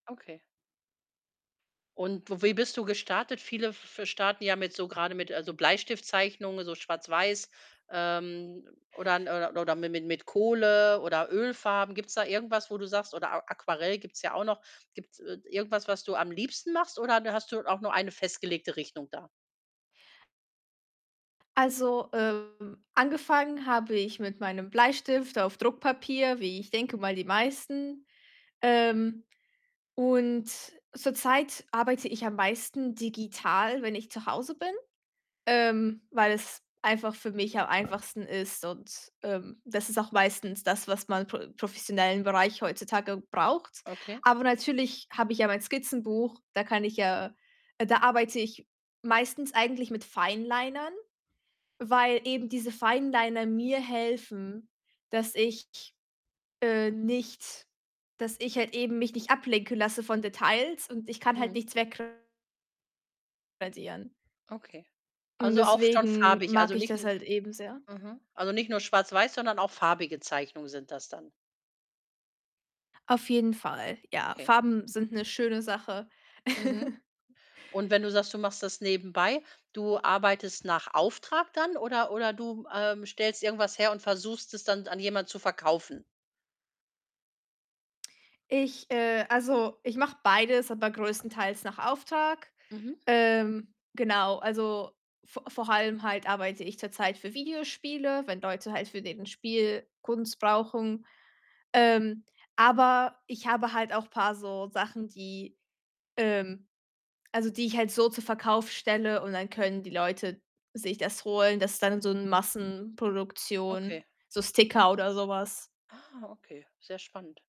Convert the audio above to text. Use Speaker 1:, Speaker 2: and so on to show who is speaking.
Speaker 1: Okay. Und w wie bist du gestartet? Viele f fe starten ja mit so grade mit also, Bleistiftzeichnungen, so schwarz-weiß, ähm, oder n äh, oder oder mi mi mit Kohle oder Ölfarben. Gibt's da irgendwas, wo du sagst oder A Aquarell gibt's ja auch noch. Gibt's, äh, d irgendwas, was du am liebsten machst, oder de hast du auch nur eine festgelegte Richtung da?
Speaker 2: Also, ähm, angefangen habe ich mit meinem Bleistift auf Druckpapier, wie ich denke, mal die meisten. Ähm, und zurzeit arbeite ich am meisten digital, wenn ich zu Hause bin, ähm, weil es einfach für mich am einfachsten ist und, ähm, das ist auch meistens das, was man pro professionellen Bereich heutzutage braucht.
Speaker 1: Okay.
Speaker 2: Aber natürlich habe ich ja mein Skizzenbuch, da kann ich ja äh, da arbeite ich meistens eigentlich mit Finelinern, weil eben diese Fineliner mir helfen, dass ich, äh, nicht dass ich halt eben mich nicht ablenken lasse von Details und ich kann halt
Speaker 1: Mhm.
Speaker 2: nichts wegra radieren.
Speaker 1: Okay.
Speaker 2: Und
Speaker 1: Also, auch schon
Speaker 2: deswegen
Speaker 1: farbig,
Speaker 2: mag
Speaker 1: also,
Speaker 2: ich
Speaker 1: nicht
Speaker 2: das
Speaker 1: 'n
Speaker 2: halt eben sehr.
Speaker 1: mhm. Also, nicht nur schwarz-weiß, sondern auch farbige Zeichnungen sind das dann.
Speaker 2: Auf jeden Fall, ja.
Speaker 1: Okay.
Speaker 2: Farben sind
Speaker 1: Mhm.
Speaker 2: 'ne schöne Sache.
Speaker 1: Mhm, und wenn du sagst, du machst das nebenbei, du arbeitest nach Auftrag dann oder oder du, ähm, stellst irgendwas her und versuchst, es dann an jemand zu verkaufen?
Speaker 2: Ich, äh also, ich mache beides, aber größtenteils nach Auftrag.
Speaker 1: Mhm.
Speaker 2: Ähm, genau, also, vo vor allem halt arbeite ich zurzeit für Videospiele, wenn Leute halt für den Spiel Kunst brauchen. Ähm, aber ich habe halt auch paar so Sachen, die ähm, also, die ich halt so zur Verkauf stelle und dann können die Leute sich das holen. Das dann so 'n
Speaker 1: Okay.
Speaker 2: Massenproduktion, so Sticker oder so was.
Speaker 1: Ah, okay, sehr spannend.